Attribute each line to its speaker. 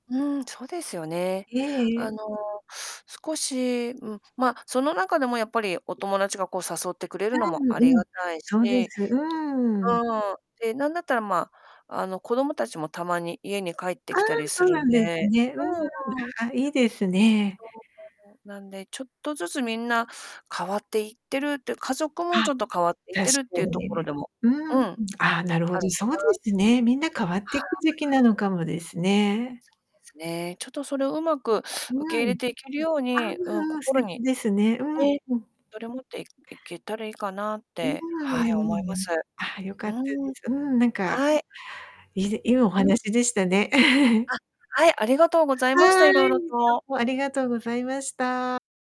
Speaker 1: うん、そうですよね。
Speaker 2: えええ
Speaker 1: あ
Speaker 2: え。
Speaker 1: の少し、ん、ま、その中でもやっぱりお友達がこう誘ってくれるのも
Speaker 2: う
Speaker 1: あり
Speaker 2: んう
Speaker 1: が
Speaker 2: ん、
Speaker 1: たいし、
Speaker 2: そうです、う
Speaker 1: う
Speaker 2: ーん。
Speaker 1: ーん、で、なんだったら、まあ、あの子どもたちもたまに家に帰って
Speaker 2: ああ、
Speaker 1: きたりす
Speaker 2: そう
Speaker 1: る
Speaker 2: な
Speaker 1: ん
Speaker 2: んです
Speaker 1: で。
Speaker 2: ね。うーん、
Speaker 1: うんうん。
Speaker 2: あ、いいですね。
Speaker 1: そう、なんで、ちょっとずつみんな変わっていってるって、家族も
Speaker 2: は
Speaker 1: ち
Speaker 2: い、
Speaker 1: ょっと変わっていっ
Speaker 2: 確
Speaker 1: てるって
Speaker 2: か
Speaker 1: いう
Speaker 2: に
Speaker 1: ところ
Speaker 2: ね。
Speaker 1: でも、
Speaker 2: うー
Speaker 1: うん、
Speaker 2: ん。
Speaker 1: あるか
Speaker 2: ああ、なるほど、そうで
Speaker 1: な。
Speaker 2: すね、みんな変わっ
Speaker 1: は
Speaker 2: ていく時期
Speaker 1: あ。
Speaker 2: なのかもですね。
Speaker 1: そうですね。ちょっとそれを上手く
Speaker 2: う
Speaker 1: 受け入れ
Speaker 2: ん。
Speaker 1: ていけるよう
Speaker 2: ああ
Speaker 1: に、うん、
Speaker 2: ああ、素
Speaker 1: 心に、
Speaker 2: 敵ですね。
Speaker 1: ね、
Speaker 2: うん。
Speaker 1: それ持っていいけたらいいかなっ
Speaker 2: うーん、
Speaker 1: て、
Speaker 2: う
Speaker 1: はい、
Speaker 2: んう
Speaker 1: 思いま
Speaker 2: ん。
Speaker 1: す。
Speaker 2: ああ、良か
Speaker 1: う
Speaker 2: った
Speaker 1: ー
Speaker 2: で
Speaker 1: ん。
Speaker 2: す。うん、なんか。
Speaker 1: はい。
Speaker 2: いいでいいお
Speaker 1: うん。
Speaker 2: 話でしたね。
Speaker 1: あ、はい、ありがとうござい
Speaker 2: は
Speaker 1: ました、色
Speaker 2: ーい、
Speaker 1: 々
Speaker 2: ど
Speaker 1: と。
Speaker 2: うもありがとうございました。